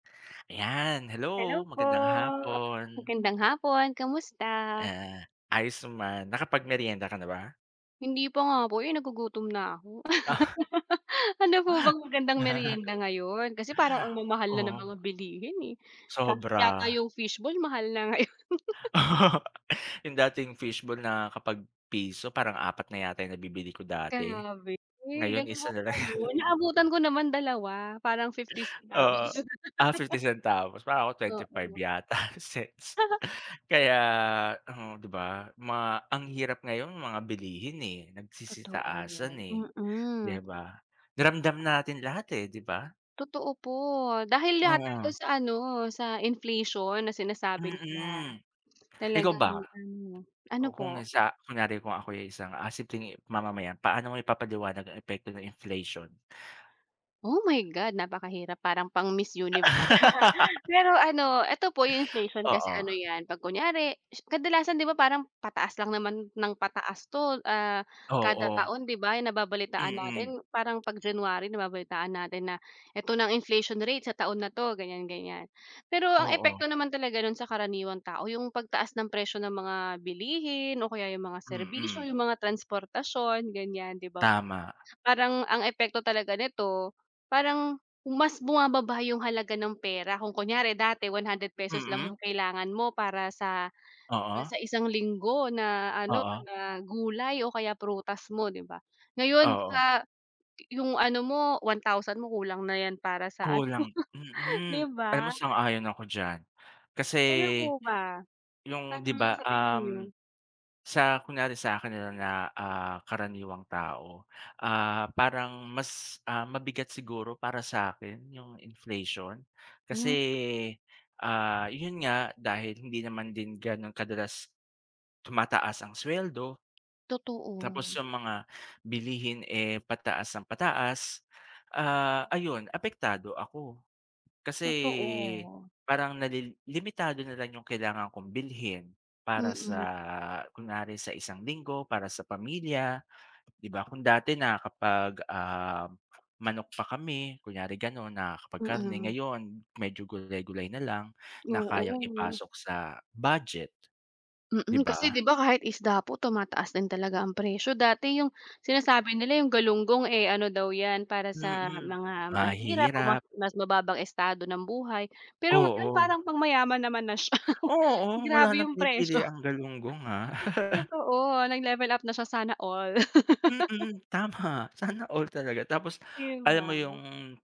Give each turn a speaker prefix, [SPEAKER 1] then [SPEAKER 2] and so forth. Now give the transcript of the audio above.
[SPEAKER 1] Ayan, hello
[SPEAKER 2] Hello po.
[SPEAKER 1] magandang hapon.
[SPEAKER 2] Magandang hapon, kamusta?
[SPEAKER 1] Ah, ayos naman, nakapagmerienda ka na ba?
[SPEAKER 2] Hindi pa nga po eh, nagugutom na ako.
[SPEAKER 1] Ah.
[SPEAKER 2] Ano po bang magandang merienda ngayon, kasi parang ang mamahal na ng
[SPEAKER 1] Oo.
[SPEAKER 2] mga bilihin eh, kaso yata
[SPEAKER 1] Sobra.
[SPEAKER 2] yung fishballl mahal na, ngayon.
[SPEAKER 1] Yung dating fishball na kapag piso parang apat na yata yung nabibili ko dati,
[SPEAKER 2] Grabe,
[SPEAKER 1] ngayon
[SPEAKER 2] ganon
[SPEAKER 1] isa
[SPEAKER 2] ho ba
[SPEAKER 1] na lang.
[SPEAKER 2] ngayon? Naabutan ko naman dalawa parang fifty centavos.
[SPEAKER 1] Oo. Ah, fifty centavos pa o twenty five
[SPEAKER 2] Oo.
[SPEAKER 1] yata cents kaya mhm, 'di ba, mga ang hirap ngayon mga bilihin, eh, nagsisitaasan
[SPEAKER 2] Totoo,
[SPEAKER 1] eh, di
[SPEAKER 2] mm.
[SPEAKER 1] ba? Ramdam natin lahat, eh, di ba?
[SPEAKER 2] Totoo po, dahil yata
[SPEAKER 1] Oo.
[SPEAKER 2] ito sa ano sa inflation na sinasabi nila,
[SPEAKER 1] Mm. Ikaw
[SPEAKER 2] talaga
[SPEAKER 1] ba?
[SPEAKER 2] yung ano. Ano
[SPEAKER 1] Oh, kung
[SPEAKER 2] po?
[SPEAKER 1] isa kunyari kung ako'y isang as tingi mamamayan paano mo ipapaliwanag ang epekto ng inflation?
[SPEAKER 2] Oh my God. Napakahirap parang pang miss universe, pero ano, eto po yung inflation kasi
[SPEAKER 1] Oo.
[SPEAKER 2] ano yan pag kunyari kadalasan di ba, parang pataas lang naman ng pataas 'to ah, kada
[SPEAKER 1] Oo.
[SPEAKER 2] taon 'di ba, yung nababalitaan
[SPEAKER 1] Mm.
[SPEAKER 2] natin parang pag January nababalitaan natin na ito na ang inflation rate sa taon na 'to, ganyan ganyan. Pero ang
[SPEAKER 1] Oo.
[SPEAKER 2] epekto naman talaga nun sa karaniwang tao, yung pagtaas ng presyo ng mga bilihin o kaya yung mga serbisyo,
[SPEAKER 1] Mm.
[SPEAKER 2] yung mga transportasyon ganyan, di ba, po.
[SPEAKER 1] Tama.
[SPEAKER 2] Parang ang epekto talaga nito, parang mas bumababa yung halaga ng pera, kung kunyari dati one hundred pesos lang
[SPEAKER 1] Mm.
[SPEAKER 2] yung kailangan mo para sa para
[SPEAKER 1] Oo.
[SPEAKER 2] sa isang linggo na ano
[SPEAKER 1] Oo.
[SPEAKER 2] na gulay o kaya prutas mo, 'di ba, ngayon
[SPEAKER 1] Oo.
[SPEAKER 2] sa yung ano mo, one thousand mo kulang na yan para sa ano,
[SPEAKER 1] Kulang, mm,
[SPEAKER 2] di
[SPEAKER 1] alam mo
[SPEAKER 2] ba?
[SPEAKER 1] sang-ayon ako diyan. Kasi
[SPEAKER 2] Kayo po ba,
[SPEAKER 1] yung
[SPEAKER 2] paano
[SPEAKER 1] di ba,
[SPEAKER 2] sa tingin niyo?
[SPEAKER 1] uhm, sa kunyari sakin nila na ah, karaniwang tao, ah, parang mas, ah, mabigat siguro para sa akin yung inflation kasi,
[SPEAKER 2] Hmm.
[SPEAKER 1] ah, yun nga, dahil hindi naman din ganon kadalas, tumataas ang sweldo, tapos
[SPEAKER 2] Totoo.
[SPEAKER 1] yung mga bilihin eh, pataas ng pataas, ah, ayun apektado ako. Kasi
[SPEAKER 2] Totoo.
[SPEAKER 1] parang na li limitado na lang yung kailangan kong bilhin para sa
[SPEAKER 2] Mm.
[SPEAKER 1] kunwari sa isang linggo para sa pamilya, di ba? Kung dati na kapag, ah, manok pa kami kunyari ganon, nakaka pag karne,
[SPEAKER 2] Mm.
[SPEAKER 1] ngayon medyo gulay gulay na lang na kayang
[SPEAKER 2] Oo.
[SPEAKER 1] ipasok sa budget, di
[SPEAKER 2] Mm,
[SPEAKER 1] ba?
[SPEAKER 2] kasi di ba, kahit isda po tumataas din talaga ang presyo. Dati yung sinasabi nila yung galunggong eh, ano daw yan, para sa
[SPEAKER 1] Mm,
[SPEAKER 2] mga mahihirap o mas
[SPEAKER 1] mahihirap.
[SPEAKER 2] mas mababang estado ng buhay, pero ngayon
[SPEAKER 1] Oo.
[SPEAKER 2] parang pang mayaman naman na siya,
[SPEAKER 1] Oo, wala
[SPEAKER 2] grabe
[SPEAKER 1] ng
[SPEAKER 2] yung
[SPEAKER 1] pinipili
[SPEAKER 2] presyo.
[SPEAKER 1] ang galunggong ha.
[SPEAKER 2] Totoo nag-level up na siya, sana all.
[SPEAKER 1] Mm. Tama, sana all talaga. Tapos
[SPEAKER 2] Di
[SPEAKER 1] alam
[SPEAKER 2] ba.
[SPEAKER 1] mo yung